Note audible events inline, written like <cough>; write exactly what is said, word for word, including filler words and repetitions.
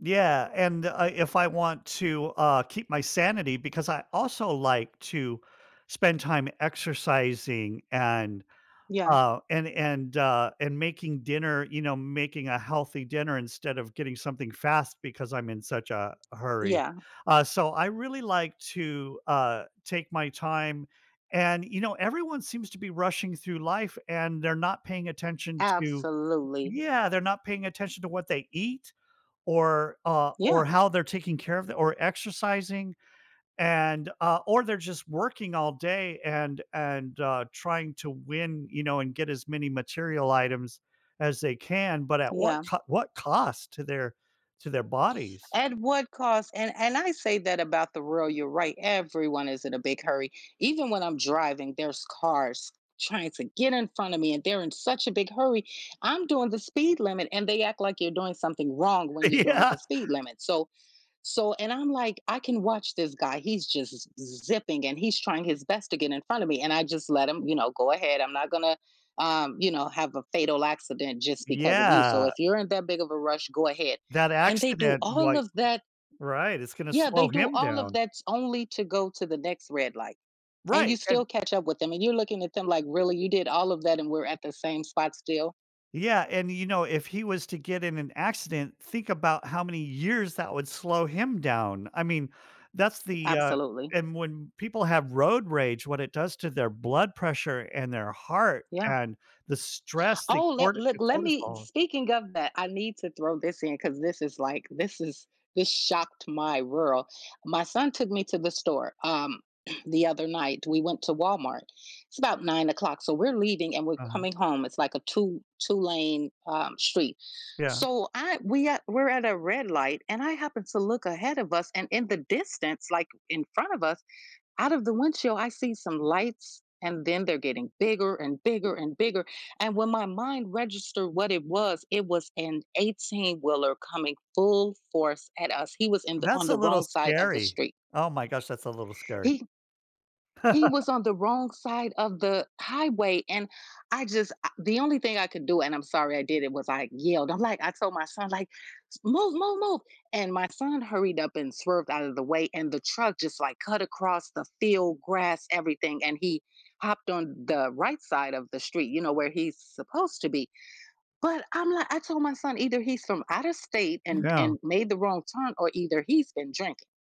Yeah, and, uh if I want to, uh, keep my sanity because I also like to spend time exercising and, Yeah. uh, and and, uh, and making dinner, you know, making a healthy dinner instead of getting something fast because I'm in such a hurry. Yeah. Uh, so I really like to, uh, take my time, and, you know, everyone seems to be rushing through life, and they're not paying attention to Absolutely. Yeah, they're not paying attention to what they eat, or, uh, or Yeah. how they're taking care of them or exercising, and, uh, or they're, just, working all day and and, uh, trying to win, you know, and get as many material items as they can, but, at what Yeah. c what cost to their to their bodies? At what cost? And and I say that about the world, you're right. Everyone is in a big hurry. Even when I'm driving, there's cars trying to get in front of me, and they're in such a big hurry. I'm doing the speed limit, and they act like you're doing something wrong when you're doing the speed <chuckles> limit. So so and I'm, like, "I can watch this guy." he's, just, z zipping, and he's trying his best to get in front of me, and I, just, let him, you know, go ahead. I'm not gonna, um, you know, have a fatal accident, just, because of you. So, Yeah. if you're in that big of a rush, go ahead, That and they do accident, all like, of that right, it's gonna Yeah, they slow do him all of down. that only to go to the next red light, and you Right, still and catch up with them and you're looking at them like, "Really, you did all of that and we're at the same spot still?" Yeah, and, you know, if he was to get in an accident, think about how many years that would slow him down. I mean, that's the, uh Absolutely. and when people have road rage, what it does to their blood pressure and their heart Yeah. and the stress, the Oh, let cor let the let me cortisol speaking of that, I need to throw this in 'cause this is, like, this is this shocked my world. My son took me to the store, um, <clears throat> the other night, we went to Walmart. It's about nine o'clock so we're leaving, and we're Uh-huh. coming home. It's, like, a two two lane, um, street. Yeah. So I we are we're at a red light and I happened to look ahead of us, and in the distance, like, in front of us, out of the windshield, I see some lights and then they're getting bigger and bigger and bigger and when my mind registered what it was, it was an eighteen-wheeler coming full force at us. He was in the on That's a the little wrong side of the scary. street. Oh, my gosh, that's a little scary. He he <laughs> was on the wrong side of the highway and I, just, a the only thing I could do and I'm sorry I did it was, like, yelled. I'm like I told my son, like, "Move move move." and my son hurried up and swerved out of the way and the truck, just, like, cut across the field, grass, everything, and he hopped on the right side of the street, you know, where he's supposed to be, but, I'm like I told my son either he's from out of state and Yeah. and made the wrong turn or either he's been drinking.